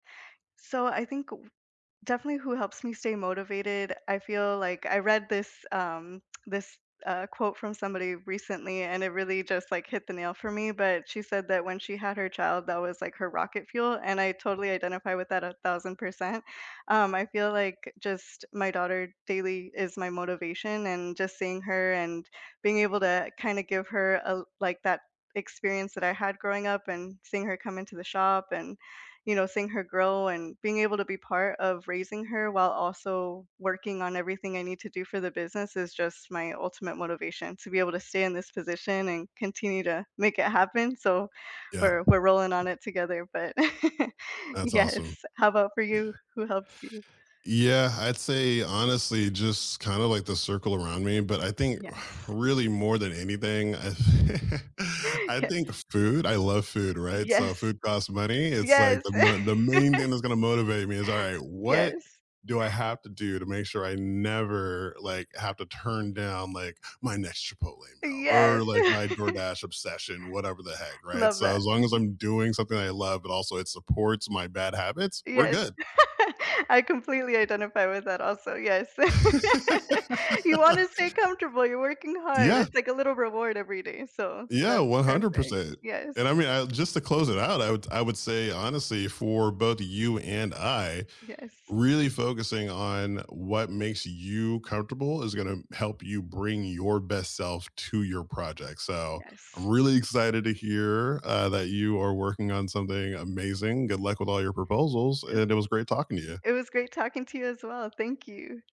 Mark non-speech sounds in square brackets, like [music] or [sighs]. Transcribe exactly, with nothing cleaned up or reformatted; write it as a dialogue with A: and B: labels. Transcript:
A: So I think w definitely who helps me stay motivated, I feel like I read this, um [tsk] this, uh, quote from somebody recently and it really just, like, hit the nail for me, but she said that when she had her child, that was like her "rocket fuel" and I totally identify with that a thousand percent. Um, I feel, like, just, my daughter, daily, is my motivation and just seeing her and being able to kinda give her, uh, l like that experience that I had growing up and seeing her come into the shop and, you know, seeing her grow and being able to be part of raising her, while also working on everything I need to do for the business, is just my ultimate motivation; to be able to stay in this position and continue to make it happen, so
B: Yeah.
A: we're we're rolling on it together, but [laughs]
B: That's
A: yes.
B: awesome.
A: How about for you?
B: Yeah.
A: Who helps you?
B: Yeah, I'd say, honestly, just kinda like the circle around me, but I think [sighs]
A: Yes.
B: really more than anything, [laughs]
A: [inhales]
B: I think
A: [unintelligible]
B: food; I love food, right? So
A: Yes.
B: food costs money. It's like,
A: Yes!
B: the mo the main
A: [laughs]
B: thing that's gonna motivate me is, "Alright, what
A: Yes.
B: do I have to do to make sure I never, like, have to turn down, like, my next Chipotle meal
A: Yes!
B: or, like,
A: [laughs]
B: my DoorDash obsession," whatever the heck, right?
A: Love
B: So
A: that.
B: as long as
A: Mhm.
B: I'm doing something I love, but also it supports my bad habits, we're
A: Yes,
B: good.
A: [laughs] I completely identify with that also, yes. [laughs] You
B: [laughs]
A: wanna stay comfortable, you're working hard,
B: Yeah.
A: it's like a little reward every day, so
B: Yeah,
A: that's
B: one hundred
A: perfect.
B: percent.
A: Yes.
B: And, I mean, I just to close it out, I would I would say, honestly, for both you and I,
A: Yes.
B: really focusing on what makes you comfortable is gonna help you bring your best self to your project, so I'm
A: Yes.
B: really excited to hear, uh, that you are working on something amazing. Good luck with all your proposals,
A: E
B: and it was great talking to you.
A: It was great talking to you as well. Thank you.